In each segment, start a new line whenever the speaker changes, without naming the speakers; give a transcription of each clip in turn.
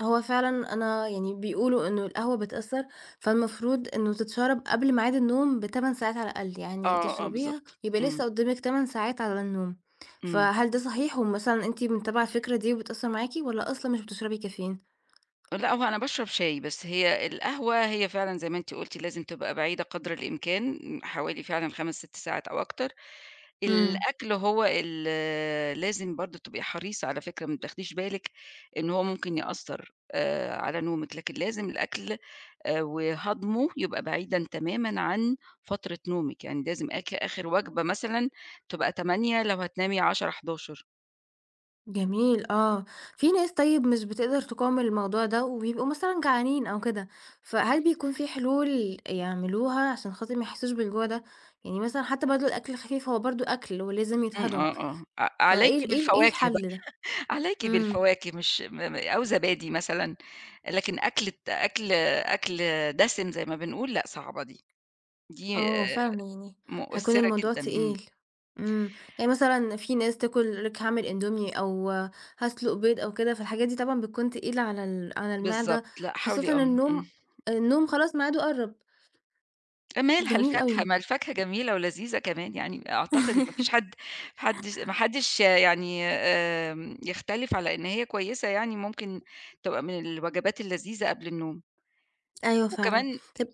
هو فعلًا أنا يعني بيقولوا إنّه القهوة بتأثّر، فالمفروض إنّه تتشَرب قبل ميعاد النوم ب8 ساعات على الأقل، يعني
آه، آه
تشربيها
بالضبط،
يبقى
امم.
لسّه قدّامك 8 ساعات على النوم،
امم.
فهل ده صحيح؟ ومثلًا أنتِ متابعة الفكرة دي وبتأثّر معاكِ والَّا أصلًا مش بتشربي Caffeine؟
لأ، هو أنا باشرب شاي بس هي القهوة هي فعلًا زي ما أنتِ قُلتِ لازم تبقى بعيدة قدر الإمكان، حوالي فعلًا 5 6 ساعات أو أكتر،
امم.
الأكل هو ال لازم برضه تبقي حريصة على فكرة ما بتاخديش بالك إن هو ممكن يأثّر، آآ، على نومِك لكن لازم الأكل، آآ، وهضمُه يبقى بعيدًا تمامًا عن فترة نومِك، يعني لازم اك آخِر وجبة مثلًا، تبقى 20:00 لو هتنامي 22:00 23:00.
جميل آه، في ناس طيّب مش بتقدر تقاوم الموضوع ده وبيبقوا مثلًا جعانين أو كده، فهل بيكون في حلول يعملوها عشان خاطر ما يحسّوش بالجوع ده، يعني مثلًا حتّى برضه الأكل الخفيف هو برضه أكْل ولازم
امم،
يتهضَم،
آه، آه، ع عليكِ
فإيه ال إيه ال إيه
بالفواكه بقى،
الحَلّ ده،
عليكِ
امم.
بالفواكه مش م م أو زبادي مثلًا، لكن أكلة أكْل أكْل دَسِم زي ما بنقول لأ صعبة دي،
آه
دي
هو
آآ،
فعلًا يعني هيكون
مؤثّرة
الموضوع
جدًا، امم.
تقيل، امم، يعني مثلًا في ناس تاكل لِك هاعمل إندومي أو هاسلُق بيض أو كده، فالحاجات دي طبعًا بتكون تقيلة على ال على
بالضبط،
المعدة،
لأ حاولي
خاصةً
آه، امم.
النوم، النوم خلاص ميعادُه قرَّب.
مالها
جميل
الفاكهة
أوي.
ما الفاكهة جميلة ولذيذة كمان يعني أعتقد إن ما فيش حد حدش ما حدش يعني آمم، يختلف على إن هي كويّسة يعني ممكن تبقى من الوجبات اللذيذة قبل النوم.
أيوه فعلًا،
وكمان
طَب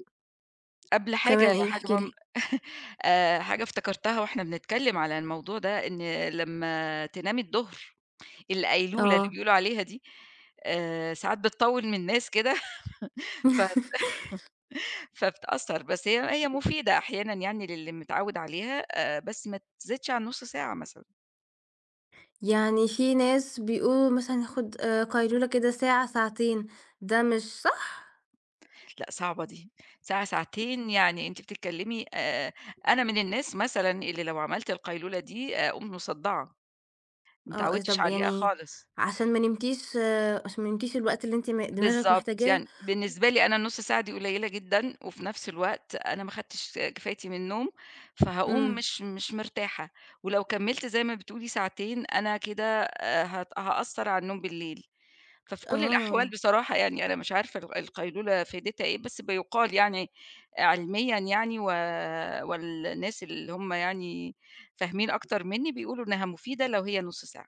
قبل حاجة
وكمان
هي
إيه
حاجة
احكي لي.
مهمة، آآ، حاجة افتكرتها وإحنا بنتكلّم على الموضوع ده إن لمّا تنامي الضُهر، القيلولة اللي
آه.
بيقولوا عليها دي، آآ، ساعات بتطوِّل من ناس كده، فت فبتأثّر بس هي هي مفيدة أحيانًا يعني للي متعوّد عليها آآ، بس ما تزيدش عن نُصّ ساعة مثلًا.
يعني في ناس بيقولوا مثلًا ياخد آآ، قيلولة كده ساعة ساعتين، ده مش صح؟!
لأ، صعبة دي، ساعة ساعتين يعني أنتِ بتتكلّمي آآ، أنا من الناس مثلًا اللي لو عَمَلت القيلولة دي آآ، أقوم مصدَّعة، ما
آه أ
اتعوّدتش
طَب
عليها
يعني،
خالص.
عشان ما نمتيش عشان ما نمتيش الوقت اللي أنتِ م دماغِك
بالضبط،
محتاجاه
يعني بالنسبة لي أنا النُصّ ساعة دي قليّلة جدًا، وفي نَفْس الوقت أنا ما خدتش آآ، كفايتي من النوم، فهاقوم
امم.
مش مش مرتاحة، ولو كمِّلت زي ما بتقولي ساعتين، أنا كده آآ، هت هأثّر على النوم بالليل، ففي كُلّ الأحوال
آه.
بصراحة يعني أنا مش عارفة ال القيلولة فايدتها إيه بس بيُقال يعني علميًا يعني و والناس اللي هم يعني فاهمين أكتر مِنّي بيقولوا إنّها مفيدة لو هي نُصّ ساعة.